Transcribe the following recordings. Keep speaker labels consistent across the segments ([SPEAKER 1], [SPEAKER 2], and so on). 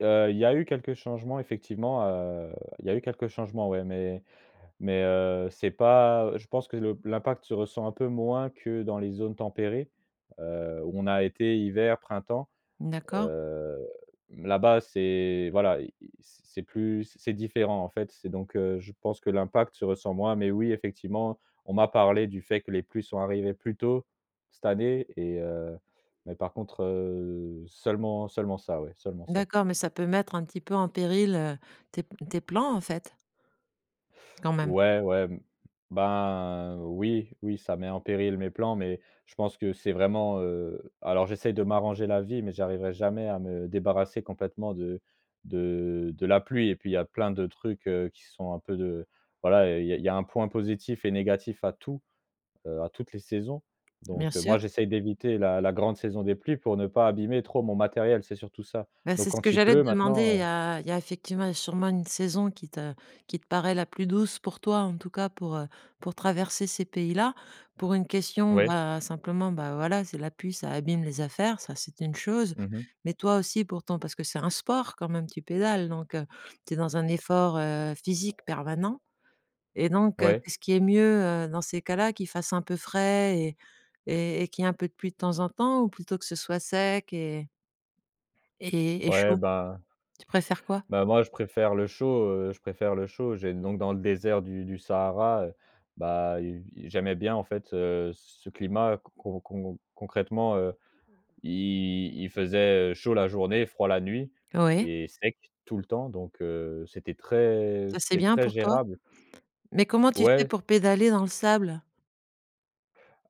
[SPEAKER 1] Heu, il y a eu quelques changements effectivement, heu, il y eu quelques changements ouais, mais mais heu, c'est pas je pense que le l'impact se ressent un peu moins que dans les zones tempérées, heu, où on a été, hiver, printemps.
[SPEAKER 2] Mmh d'accord.
[SPEAKER 1] Heu, là-bas, c'est voilà, i i c'est plus c'est différent en fait. C'est donc heu je pense que l'impact se ressent moins, mais oui, effectivement, on m'a parlé du fait que les pluies sont arrivées plus tôt cette année et heu, mais par contre, heu, seulement seulement ça, ouais, seulement ça.
[SPEAKER 2] D'accord, mais ça peut mettre un petit peu en péril, heu, tes p tes plans en fait? Quand même.
[SPEAKER 1] Ouais, ouais, mmh ben oui, oui ça met en péril mes plans mais je pense que c'est vraiment, heu, alors j'essaye de m'arranger la vie mais j'arriverai jamais à me débarrasser complètement de de de la pluie et puis il y a plein de trucs, heu, qui sont un peu de voilà, il y a il y a un point positif et négatif à tout, heu, à toutes les saisons,
[SPEAKER 2] Bien
[SPEAKER 1] donc heu,
[SPEAKER 2] sûr.
[SPEAKER 1] moi j'essaye d'éviter la la grande saison des pluies pour ne pas abîmer trop mon matériel, c'est surtout ça,
[SPEAKER 2] Bah,
[SPEAKER 1] donc
[SPEAKER 2] c'est ce que
[SPEAKER 1] quand il
[SPEAKER 2] j'allais
[SPEAKER 1] pleut
[SPEAKER 2] te demander. Il
[SPEAKER 1] maintenant,
[SPEAKER 2] y
[SPEAKER 1] heu
[SPEAKER 2] a il y a effectivement et sûrement une saison qui te qui te paraît la plus douce pour toi, en tout cas pour, heu, pour traverser ces pays-là. Pour une question,
[SPEAKER 1] Ouais.
[SPEAKER 2] bah, simplement, bah, voilà c'est la pluie, ça abîme les affaires, ça c'est une chose,
[SPEAKER 1] Mmh mh.
[SPEAKER 2] mais toi aussi, pourtant, parce que c'est un sport quand même, tu pédales, donc heu, tu es dans un effort, heu, physique permanent, et donc heu,
[SPEAKER 1] Ouais.
[SPEAKER 2] qu'est-ce qui est mieux, heu, dans ces cas-là? Qu'il fasse un peu frais et et et qu'il y ait un peu de pluie de temps en temps? Ou plutôt que ce soit sec et et et
[SPEAKER 1] Ouais
[SPEAKER 2] chaud?
[SPEAKER 1] bah
[SPEAKER 2] Tu préfères quoi?
[SPEAKER 1] Bah, moi je préfère le chaud, heu, je préfère le chaud. J'ai donc dans le désert du du Sahara, heu, bah, il i j'aimais bien en fait, heu, c ce climat con con recon concrètement, heu, il il faisait, heu, chaud, la journée, froid la nuit
[SPEAKER 2] Oui.
[SPEAKER 1] et sec, tout le temps donc heu, c'était très
[SPEAKER 2] Ça, c'est
[SPEAKER 1] c'était
[SPEAKER 2] bien
[SPEAKER 1] très
[SPEAKER 2] pour toi?
[SPEAKER 1] gérable.
[SPEAKER 2] Mais comment tu fais
[SPEAKER 1] Ouais.
[SPEAKER 2] pour pédaler dans le sable?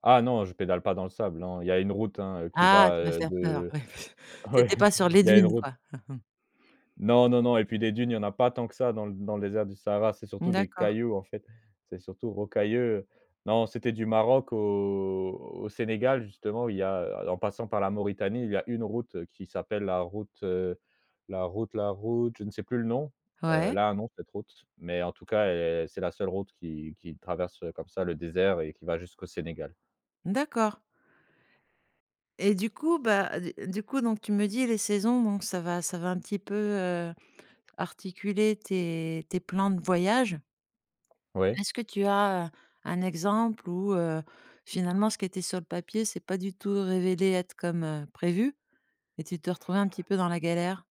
[SPEAKER 1] Ah non je pédale pas dans le sable, non, il y a une route hein heu, qui
[SPEAKER 2] Ah,
[SPEAKER 1] va,
[SPEAKER 2] tu m'as
[SPEAKER 1] heu,
[SPEAKER 2] faire peur.
[SPEAKER 1] de
[SPEAKER 2] Ouais tu
[SPEAKER 1] ouais
[SPEAKER 2] étais pas sur les
[SPEAKER 1] il y a une
[SPEAKER 2] dunes
[SPEAKER 1] route
[SPEAKER 2] quoi?
[SPEAKER 1] Non, non, non et puis des dunes, il y en a pas tant que ça dans l dans le désert du Sahara, c'est
[SPEAKER 2] Mmh
[SPEAKER 1] surtout des
[SPEAKER 2] d'accord.
[SPEAKER 1] cailloux en fait, c'est surtout rocailleux, heu, non, c'était du Maroc au au Sénégal justement, il y a, heu, en passant par la Mauritanie, il y a une route qui s'appelle la route, heu, la route la route, je ne sais plus le nom. Heu,
[SPEAKER 2] Ouais.
[SPEAKER 1] elle a un nom cette route, mais en tout cas, elle c'est la seule route qui qui traverse comme ça le désert et qui va jusqu'au Sénégal.
[SPEAKER 2] D'accord. Et du coup, bah, d du coup donc tu me dis les saisons, donc ça va ça va un petit peu, heu, articuler tes tes plans de voyage.
[SPEAKER 1] Ouais.
[SPEAKER 2] Est-ce que tu as un exemple où, heu, finalement ce qui était sur le papier, c'est pas du tout révélé être comme, heu, prévu et tu t'es retrouvé un petit peu dans la galère?